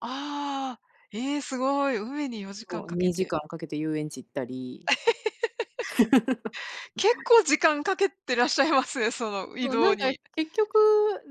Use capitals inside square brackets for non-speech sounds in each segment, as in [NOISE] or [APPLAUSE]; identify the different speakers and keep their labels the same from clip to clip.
Speaker 1: ああ、ええ、すごい、海に4時間
Speaker 2: そう、
Speaker 1: かけ
Speaker 2: にじ
Speaker 1: て
Speaker 2: かんかけて遊園地行ったり
Speaker 1: [LAUGHS]
Speaker 2: [LAUGHS]
Speaker 1: 結構時間かけてらっしゃいます、その移
Speaker 2: そう、な
Speaker 1: 動
Speaker 2: んか、
Speaker 1: に。
Speaker 2: 結局、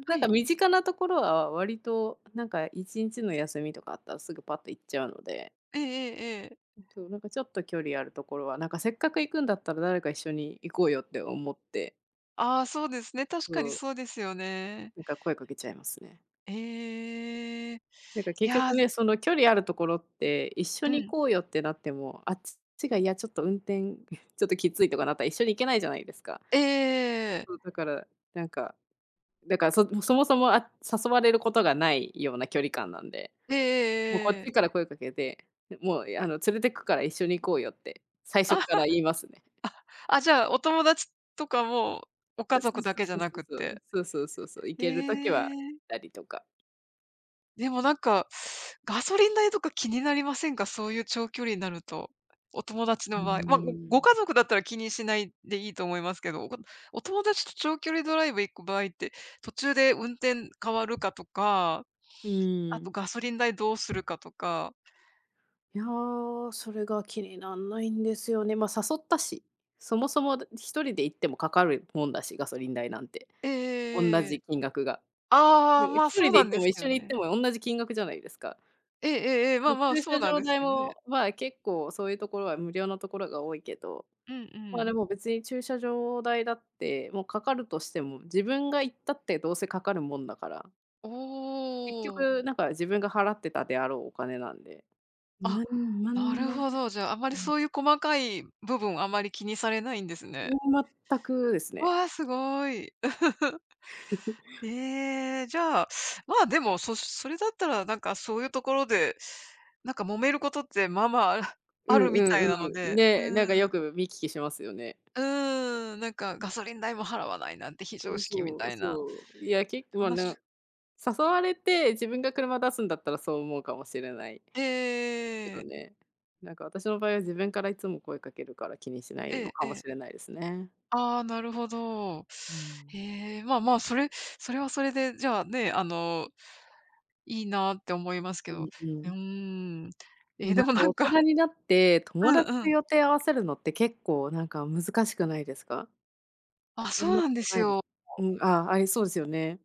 Speaker 2: な
Speaker 1: は
Speaker 2: んか
Speaker 1: い。
Speaker 2: 身近なところは割と、なんか1日の休みとかあったら、すぐぱっと行っちゃうので。
Speaker 1: ええええええ。
Speaker 2: そう、なんかちょっと距離あるところは、なんかせっかく行くんだったら、誰か一緒に行こうよって思って
Speaker 1: ああ、そうですね。確
Speaker 2: そ
Speaker 1: かに
Speaker 2: う。
Speaker 1: そうですよね。
Speaker 2: なんか声かけちゃいますね。
Speaker 1: ええ。
Speaker 2: なんか結
Speaker 1: やあ
Speaker 2: 局ね、その距離あるところって、一緒
Speaker 1: う
Speaker 2: に行
Speaker 1: ん。
Speaker 2: こうよってなっても、あっちが、いやちょっと運転、ちょっときついとかなったら一緒に行けないじゃないですか。
Speaker 1: ええええええ。
Speaker 2: そう、だから、なんか、だから、そそもそも、あ、誘われることがないような距離感なんで。
Speaker 1: ええ
Speaker 2: もうこ
Speaker 1: え
Speaker 2: っ
Speaker 1: ええ
Speaker 2: ち
Speaker 1: え。
Speaker 2: から声かけて、もうあの連れてくから一緒に行こうよって、最初っ
Speaker 1: あ、は
Speaker 2: から言いますね。
Speaker 1: あ、じゃあ、お友達とかも、お家
Speaker 2: あ、そ
Speaker 1: 族
Speaker 2: う
Speaker 1: だ
Speaker 2: そ
Speaker 1: けじゃ
Speaker 2: うそう
Speaker 1: な
Speaker 2: そう
Speaker 1: くっ
Speaker 2: そう。
Speaker 1: て、
Speaker 2: そうそうそうそう。行
Speaker 1: え
Speaker 2: ける時は行っ
Speaker 1: え。
Speaker 2: たりとか
Speaker 1: でもなんか、ガソリン代とか気になりませんか？そういう長距離になると、お友達
Speaker 2: うー
Speaker 1: の場合。ま、ごご
Speaker 2: ん。
Speaker 1: 家族だったら気にしないでいいと思いますけど、おお友達と長距離ドライブ行く場合って、途中で運転変わるかとか、
Speaker 2: うー
Speaker 1: あと
Speaker 2: ん。
Speaker 1: ガソリン代どうするかとか
Speaker 2: やあ、それが気になんないんですよね。ま、誘ったし。そもそも1人で行ってもかかるもんだし、ガソリン代なんて、
Speaker 1: ええええ
Speaker 2: おんな
Speaker 1: えええ
Speaker 2: じ
Speaker 1: え。
Speaker 2: 金額が。
Speaker 1: ああああああ、
Speaker 2: で
Speaker 1: まあ、
Speaker 2: ひと
Speaker 1: そ
Speaker 2: り
Speaker 1: う
Speaker 2: で
Speaker 1: な
Speaker 2: 行っ
Speaker 1: ん
Speaker 2: て
Speaker 1: です
Speaker 2: も
Speaker 1: け
Speaker 2: 一
Speaker 1: ど
Speaker 2: 緒に行って
Speaker 1: ね。
Speaker 2: も同じ金額じゃないですか。
Speaker 1: ええええええ、ま
Speaker 2: そ、
Speaker 1: あまあ、
Speaker 2: 駐
Speaker 1: そう
Speaker 2: 車
Speaker 1: なん
Speaker 2: 場
Speaker 1: です
Speaker 2: 代
Speaker 1: けどね。
Speaker 2: も、まあ、結構そういうところは無料のところが多いけど、
Speaker 1: うんう
Speaker 2: まあで
Speaker 1: ん。
Speaker 2: も別に駐車場代だって、もうかかるとしても自分が行ったってどうせかかるもんだから
Speaker 1: お
Speaker 2: 結
Speaker 1: お。
Speaker 2: 局なんか自分が払ってたであろうお金なんで。
Speaker 1: あ、
Speaker 2: なんなん
Speaker 1: な
Speaker 2: に
Speaker 1: る
Speaker 2: も、
Speaker 1: ほど。
Speaker 2: う
Speaker 1: じゃあ、あまり
Speaker 2: ん。
Speaker 1: そういう細かい部分をあまり気にされないんです
Speaker 2: い
Speaker 1: ね。
Speaker 2: や、全くですね。
Speaker 1: わあ、すごい。[GIGGLES]
Speaker 2: [CHUCKLES]
Speaker 1: ええ、じゃあ、まあ、でもそそれだったら、なんかそういうところで、なんか揉めることってまあまあ、[CHUCKLES]
Speaker 2: う
Speaker 1: ある
Speaker 2: んう
Speaker 1: みたい
Speaker 2: ん
Speaker 1: なの
Speaker 2: うん。
Speaker 1: で、う
Speaker 2: ね、な
Speaker 1: ー
Speaker 2: んかよ
Speaker 1: ん。
Speaker 2: く見聞きしますよね。
Speaker 1: うーん、なんかガソリン代も払わないなんて非
Speaker 2: そ
Speaker 1: 常
Speaker 2: う
Speaker 1: 識み
Speaker 2: そ
Speaker 1: た
Speaker 2: う
Speaker 1: いな
Speaker 2: そう。いや結構、ま、な
Speaker 1: 話
Speaker 2: ん誘われて自分が車出すんだったらそう思うかもしれない。
Speaker 1: えええ
Speaker 2: け
Speaker 1: ええええ
Speaker 2: ど
Speaker 1: え。
Speaker 2: ね、なんか私の場合は自分からいつも声かけるから気にしな
Speaker 1: え
Speaker 2: いの
Speaker 1: え
Speaker 2: か
Speaker 1: え
Speaker 2: も
Speaker 1: え。
Speaker 2: しれないですね。
Speaker 1: ああ、なるほど。
Speaker 2: うーん。
Speaker 1: へえ、まあまあ、それそれはそれでじゃあね、あの、いいなって思いますけ
Speaker 2: う
Speaker 1: ど、
Speaker 2: んう
Speaker 1: うー
Speaker 2: ん。
Speaker 1: ん、え
Speaker 2: な
Speaker 1: え、で
Speaker 2: ん
Speaker 1: も
Speaker 2: か
Speaker 1: なん
Speaker 2: 大
Speaker 1: か
Speaker 2: 人になって、
Speaker 1: う
Speaker 2: 友
Speaker 1: ん
Speaker 2: 達
Speaker 1: う
Speaker 2: と
Speaker 1: ん。
Speaker 2: 予定合わせるのって結構、なんか難しくないですか？
Speaker 1: あ、
Speaker 2: そ
Speaker 1: そ
Speaker 2: ん
Speaker 1: う
Speaker 2: な
Speaker 1: なん
Speaker 2: こ
Speaker 1: で
Speaker 2: と
Speaker 1: す
Speaker 2: ないです？
Speaker 1: よ。
Speaker 2: うん、ああ、ありそうですよね。